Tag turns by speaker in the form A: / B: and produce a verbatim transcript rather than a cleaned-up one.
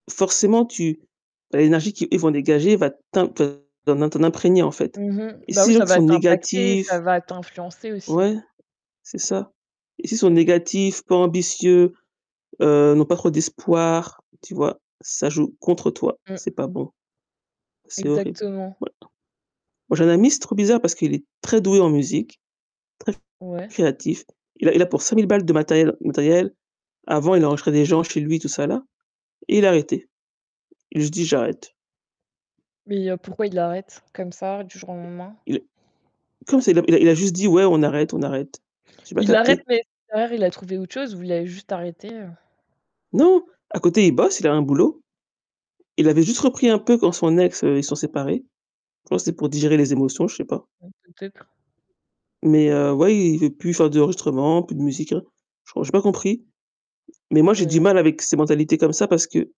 A: Forcément tu tu as l'énergie qu'ils ils vont dégager va t'imp tu vas t'en imprégner en fait
B: Mmh mh.
A: et
B: Bah oui,
A: si
B: ça
A: [unintelligible] sont
B: va t'impacter, ça
A: négatifs
B: va t'influencer aussi.
A: Ouais. C'est ça et s'ils sont négatifs, pas ambitieux, heu, n'ont pas trop d'espoir, tu vois? Ça joue contre toi et
B: Mmh.
A: c'est pas bon. C'est horrible.
B: Exactement.
A: Voilà. Moi j'ai un ami, c'est trop bizarre parce qu'il est très doué en musique, très
B: Ouais?
A: créatif. Il a il a pour cinq mille balles de matériel matériel. Avant, il enregistrait des gens chez lui, tout ça là et il a arrêté. Il a juste dit: «J'arrête».
B: Mais heu, pourquoi il arrête? Comme ça, du jour au lendemain?
A: Il comme ça, il a il a juste dit: «Ouais, on arrête, on arrête». J'ai pas
B: Il arrête
A: capté.
B: mais derrière il a trouvé autre chose ou il a juste arrêté, heu
A: Non! À côté il bosse, il a un boulot. Il avait juste repris un peu quand son ex, heu, ils se sont séparés. Je crois que c'était pour digérer les émotions, je sais pas.
B: Mmh, peut-être.
A: Mais heu, ouais, il veut plus faire d'enregistrement, plus de musique, rien. Je crois j'ai pas compris. Mais moi, j'ai du
B: [unintelligible]
A: mal avec ces mentalités comme ça parce que